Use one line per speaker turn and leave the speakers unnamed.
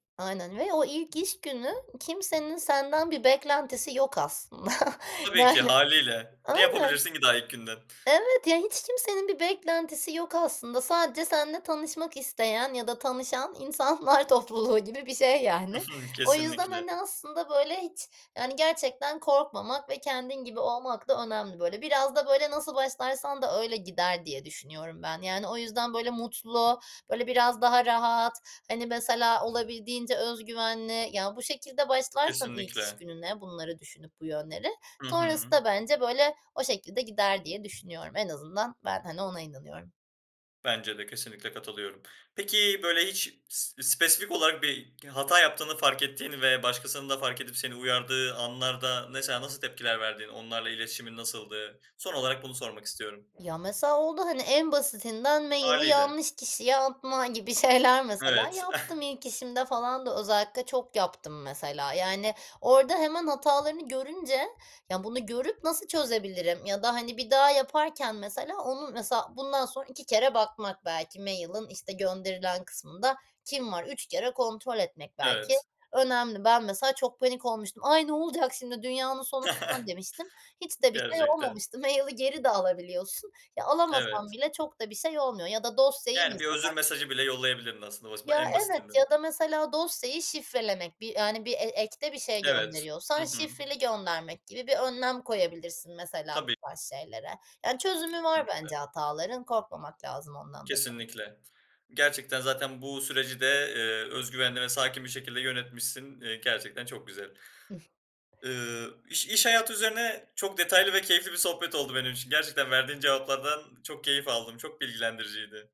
Aynen ve o ilk iş günü kimsenin senden bir beklentisi yok aslında,
Tabii ki
yani,
hâliyle, ne
aynen.
yapabilirsin ki daha ilk günden?
Evet, ya hiç kimsenin bir beklentisi yok aslında sadece seninle tanışmak isteyen ya da tanışan insanlar topluluğu gibi bir şey,
Hı
yani.
hı.
O yüzden,
Kesinlikle.
hani, aslında böyle hiç, yani, gerçekten korkmamak ve kendin gibi olmak da önemli böyle. Biraz da böyle nasıl başlarsan da öyle gider diye düşünüyorum ben, yani, o yüzden böyle mutlu, böyle biraz daha rahat, hani, mesela, olabildiğince öz güvenli ya bu şekilde başlarsan ilk iş
Kesinlikle.
gününe bunları düşünüp bu yönleri,
Hı hı.
sonrasında bence, böyle, o şekilde gider diye düşünüyorum. En azından, ben, hani, ona inanıyorum.
Bence de kesinlikle katılıyorum. Peki böyle hiç s spesifik olarak bir hata yaptığını fark ettiğin ve başkasının da fark edip seni uyardığı anlarda, mesela, nasıl tepkiler verdin? Onlarla iletişimin nasıldı? Son olarak bunu sormak istiyorum.
Ya, mesela, oldu, hani, en basitinden maili
Hâliyle.
yanlış kişiye atma gibi şeyler, mesela
Evet.
yaptım. İlk işimde falan da özellikle çok yaptım, mesela, yani. Orada hemen hatalarını görünce; ya, bunu görüp nasıl çözebilirim ya da, hani, bir daha yaparken, mesela, onun, mesela, bundan sonra 2 kere bakmak belki mail'in, işte, gönderilen kısmında kim var 3 kere kontrol etmek belki
Evet.
önemli. Ben mesela, çok panik olmuştum, "Ay, ne olacak şimdi, dünyanın sonu." falan demiştim. Hiç de bir şey
Gerçekten.
olmamıştı, maili geri de alabiliyorsun. Ya, alamasan
Evet.
bile çok da bir şey olmuyor ya da dosyayı
Yani, bir özür
mesela.
mesajı bile yollayabilirdin aslında bas ba
Ya,
en
evet
basitinden.
ya da mesela dosyayı şifrelemek bir, yani, bir e ekte bir şey
Evet. Hı
gönderiyorsan
hı.
şifreli göndermek gibi bir önlem koyabilirsin mesela bu
Tabii.
tarz şeylere. Yani, çözümü var
Kesinlikle.
bence hataların korkmamak lazım ondan da.
Kesinlikle. Gerçekten zaten bu süreci de, eee, öz güvenli ve sakin bir şekilde yönetmişsin. İii, gerçekten çok güzel.
Hıh.
Iıı, iş iş hayatı üzerine çok detaylı ve keyifli bir sohbet oldu benim için. Gerçekten verdiğin cevaplardan çok keyif aldım, çok bilgilendiriciydi.